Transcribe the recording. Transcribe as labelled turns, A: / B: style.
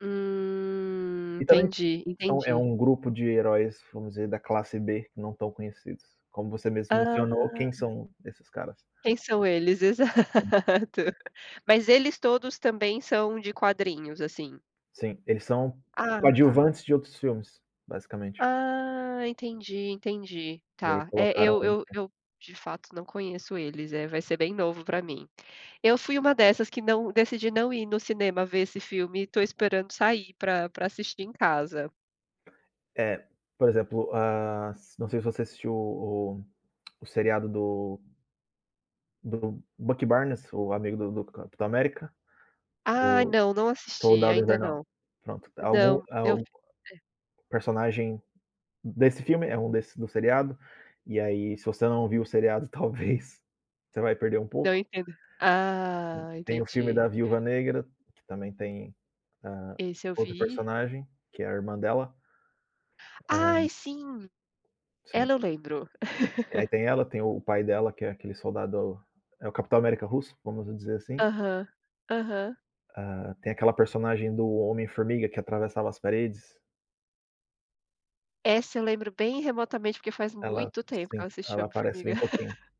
A: Hum,
B: E também
A: entendi,
B: são é
A: entendi.
B: um grupo de heróis, vamos dizer, da classe B, não tão conhecidos. Como você mesmo
A: Hã.
B: mencionou: quem são esses caras?
A: Quem são eles?
B: [unintelligible]
A: Exato. Mas eles todos também são de quadrinhos, assim?
B: Sim, eles são
A: Ah, tá.
B: coadjuvantes de outros filmes, basicamente.
A: Ah, entendi, entendi.
B: E aí
A: Tá. É,
B: colocaram
A: eu eu
B: [unintelligible]
A: eu, de fato, não conheço eles. Eh, vai ser bem novo pra mim. Eu fui uma dessas que não decidi não ir no cinema ver esse filme, e estou esperando sair pra pra assistir em casa.
B: É, por exemplo: hã, s não sei se você assistiu o o seriado do do Bucky Barnes, o amigo do do Capitão América,
A: Ah,
B: do
A: não! Não assisti,
B: Soldado
A: ainda
B: Invernal.
A: não.
B: Pronto, algum,
A: Não, eu
B: al
A: é.
B: personagem desse filme é um desse, do seriado. E aí, se você não viu o seriado, talvez você vai perder um
A: Não,
B: pouco.
A: entendo.
B: Tem
A: Ah,
B: tem o filme da
A: entendi!
B: Viúva Negra, que também tem, hã,
A: Esse eu
B: outro
A: vi.
B: personagem, que é a irmã dela. Hã
A: Ai, sim!
B: Sim.
A: Ela eu lembro.
B: E aí tem ela, tem o pai dela que é aquele soldado é o Capitão América russo, vamos dizer assim.
A: Aham, aham.
B: Hã, tem aquela personagem do Homem-Formiga que atravessava as paredes.
A: Essa eu lembro bem remotamente, porque faz
B: Ela
A: muito tempo que
B: Sim,
A: eu assisti o
B: ela aparece
A: Homem-Formiga.
B: bem pouquinho.